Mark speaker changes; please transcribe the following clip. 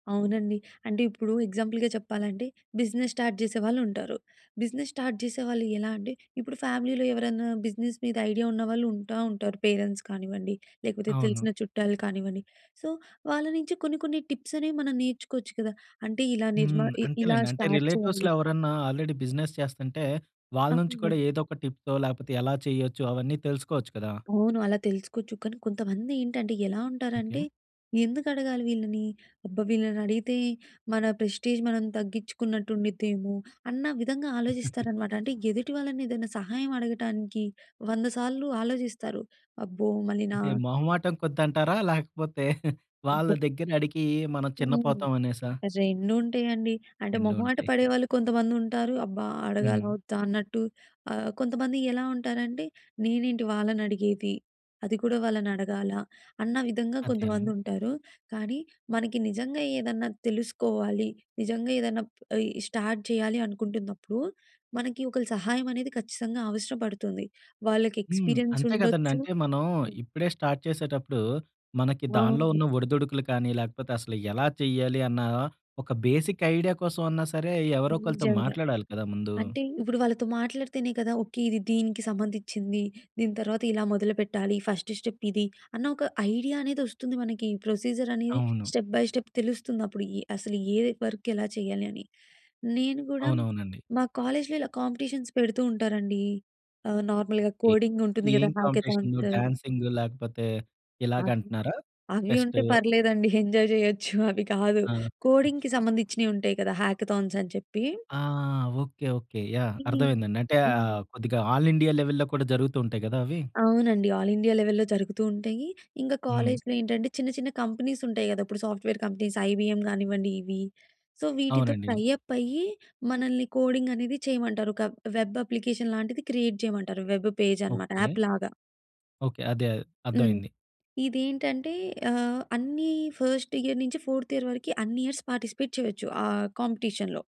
Speaker 1: అవునండి. అంటే ఇప్పుడు ఎగ్జాంపుల్‌గా చెప్పాలంటే బిజినెస్ స్టార్ట్ చేసే వాళ్ళు ఉంటారు. బిజినెస్ స్టార్ట్ చేసే వాళ్ళు ఎలా అంటే ఇప్పుడు ఫ్యామిలీలో ఎవరైనా బిజినెస్ మీద ఐడియా ఉన్నవాళ్ళు ఉంటా ఉంటారు. పేరెంట్స్ కానివ్వండి, లేకపోతే
Speaker 2: అవును.
Speaker 1: తెలిసిన చుట్టాలు కానివ్వండి. సో వాళ్ళ నుంచి కొన్ని కొన్ని టిప్స్ అనేవి మనం నేర్చుకోవచ్చు కదా! అంటే ఇలా నిర్మా
Speaker 2: హ్మ్.
Speaker 1: ఇ ఇలా
Speaker 2: అంతేలేండి. అంటే
Speaker 1: స్టార్ట్
Speaker 2: రిలేటివ్స్‌లో
Speaker 1: చేయాలి.
Speaker 2: ఎవరన్నా ఆల్రెడీ బిజినెస్ చేస్తంటే వాళ్ళ నుంచి
Speaker 1: అవును.
Speaker 2: కూడా ఏదో ఒక టిప్పో లేకపోతే ఎలా చేయొచ్చు అవన్నీ తెలుసుకోవచ్చు కదా!
Speaker 1: అవును. అలా తెలుసుకోవచ్చు. కానీ కొంతమంది ఏంటంటే ఎలా ఉంటారంటే?
Speaker 2: ఓకే.
Speaker 1: ఎందుకు అడగాలి వీళ్ళని. అబ్బా! వీళ్ళని అడిగితే మన ప్రెస్‌టేజ్ మనం తగ్గించుకున్నట్టు ఉండిద్దేమో. అన్న విధంగా ఆలోచిస్తారనమాట. అంటే ఎదుటి వాళ్ళని ఏదైనా సహాయం అడగటానికి వంద సార్లు ఆలోచిస్తారు. అబ్బో! మళ్ళీ‌నా.
Speaker 2: అంటే మొహమాటం కొద్దంటారా? లేకపోతే వాళ్ళ
Speaker 1: ఎందుకో
Speaker 2: దగ్గర అడిగి మనం
Speaker 1: హ్మ్.
Speaker 2: చిన్నపోతాం అనేసా?
Speaker 1: రెండుంటాయండి. అంటే
Speaker 2: రెండు
Speaker 1: మొహమాట
Speaker 2: ఉంటాయిగా.
Speaker 1: పడేవాళ్ళు కొంతమంది ఉంటారు. అబ్బా! అడగాలా?
Speaker 2: హ్మ్.
Speaker 1: వద్దా? అన్నట్టు. ఆహ్, కొంతమంది ఎలా ఉంటారంటే నేనేంటి వాళ్ళనడిగేది. అది కూడా వాళ్ళనడగాలా? అన్న విధంగా
Speaker 2: అదేనండి.
Speaker 1: కొంతమందుంటారు. కానీ మనకి నిజంగా ఏదన్నా తెలుసుకోవాలి. నిజంగా ఏదైనా ఇ స్టార్ట్ చేయాలి అనుకుంటున్నప్పుడు. మనకి ఒకళ్ళ సహాయం అనేది ఖచ్చితంగా అవసరపడుతుంది. వాళ్ళకి
Speaker 2: హ్మ్.
Speaker 1: ఎక్స్‌పీరియన్స్
Speaker 2: అంతే కదండీ.
Speaker 1: ఉండొచ్చు
Speaker 2: అంటే మనం
Speaker 1: హ్మ్.
Speaker 2: ఇప్పుడే స్టార్ట్ చేసేటప్పుడు మనకి దానిలో
Speaker 1: అవును.
Speaker 2: ఉన్న ఒడిదుడుకులు కానీ, లేకపోతే అసలు ఎలా చేయాలి అన్న ఒక బేసిక్ ఐడియా కోసం అన్నా సరే! ఎవరో ఒకరితో
Speaker 1: నిజంగా.
Speaker 2: మాట్లాడాలి కదా ముందు.
Speaker 1: అంటే ఇప్పుడు వాళ్ళతో మాట్లాడితేనే కదా! ఓకే. ఇది దీనికి సంబందిచ్చింది. దీని తర్వాత ఇలా మొదలుపెట్టాలి. ఫస్ట్ స్టెప్ ఇది. అన్న ఒక ఐడియా అనేది వస్తుంది మనకి. ప్రొసిజర్ అనేది
Speaker 2: అవును.
Speaker 1: స్టెప్ బై స్టెప్ తెలుస్తుందప్పుడు. ఎ అసలు ఏ వర్క్ ఎలా చేయాలి అని. నేను కూడా
Speaker 2: అవునవునండీ.
Speaker 1: మా కాలేజ్‌లో ఇలా కాంపిటీషన్స్ పెడుతూ ఉంటారండి. ఆహ్, నార్మల్‌గా
Speaker 2: ఓకే.
Speaker 1: కోడింగ్ ఉంటుంది కదా!
Speaker 2: ఏం కాంపిటీషన్
Speaker 1: హ్యాకథాన్స్.
Speaker 2: డాన్సింగ్ లేకపోతే ఇలాగ
Speaker 1: అవి,
Speaker 2: అంటున్నారా?
Speaker 1: అవి ఉంటే
Speaker 2: ఫెస్టూ.
Speaker 1: పర్లేదండి. ఎంజాయ్ చేయొచ్చు. అవి కాదు.
Speaker 2: ఆ!
Speaker 1: కోడింగ్‌కి సంబందిచ్చినియి ఉంటాయి కదా! హ్యాకథాన్స్ అని చెప్పి.
Speaker 2: ఆ! ఓకే. ఓకే. యాహ్! అర్థం
Speaker 1: హ్మ్.
Speaker 2: అయిందండి. అంటే
Speaker 1: హ్మ్.
Speaker 2: కొద్దిగా ఆల్ ఇండియా లెవెల్‌లో కూడా జరుగుతూ ఉంటాయి కదా అవి.
Speaker 1: అవునండి. ఆల్ ఇండియా లెవెల్‌లో జరుగుతూ ఉంటాయి. ఇంకా
Speaker 2: హ్మ్.
Speaker 1: కాలేజ్‌లో ఏంటంటే చిన్న చిన్న కంపెనీస్ ఉంటాయి కదా! ఇప్పుడు సాఫ్ట్‌వేర్ కంపెనీస్, 'ఐబీఎం' కానివ్వండి. ఇవి. సో వీటితో
Speaker 2: అవునండి.
Speaker 1: టై అప్ అయ్యి మనల్ని కోడింగ్ అనేది చేయమంటారు. ఒక వెబ్ అప్లికేషన్ లాంటిది క్రియేట్ చేయమంటారు. వెబ్ పేజ్ అనమాట
Speaker 2: ఓకే.
Speaker 1: యాప్‌లాగా.
Speaker 2: ఓకే. అదే. అర్థం
Speaker 1: హ్మ్.
Speaker 2: అయింది.
Speaker 1: ఇదేంటంటే ఆహ్, అన్ని ఫస్ట్ ఇయర్ నుంచి 4త్ ఇయర్ వరకి అన్ని ఇయర్స్ పార్టిసిపేట్ చేయొచ్చు. ఆహ్, కాంపిటీషన్‌లో.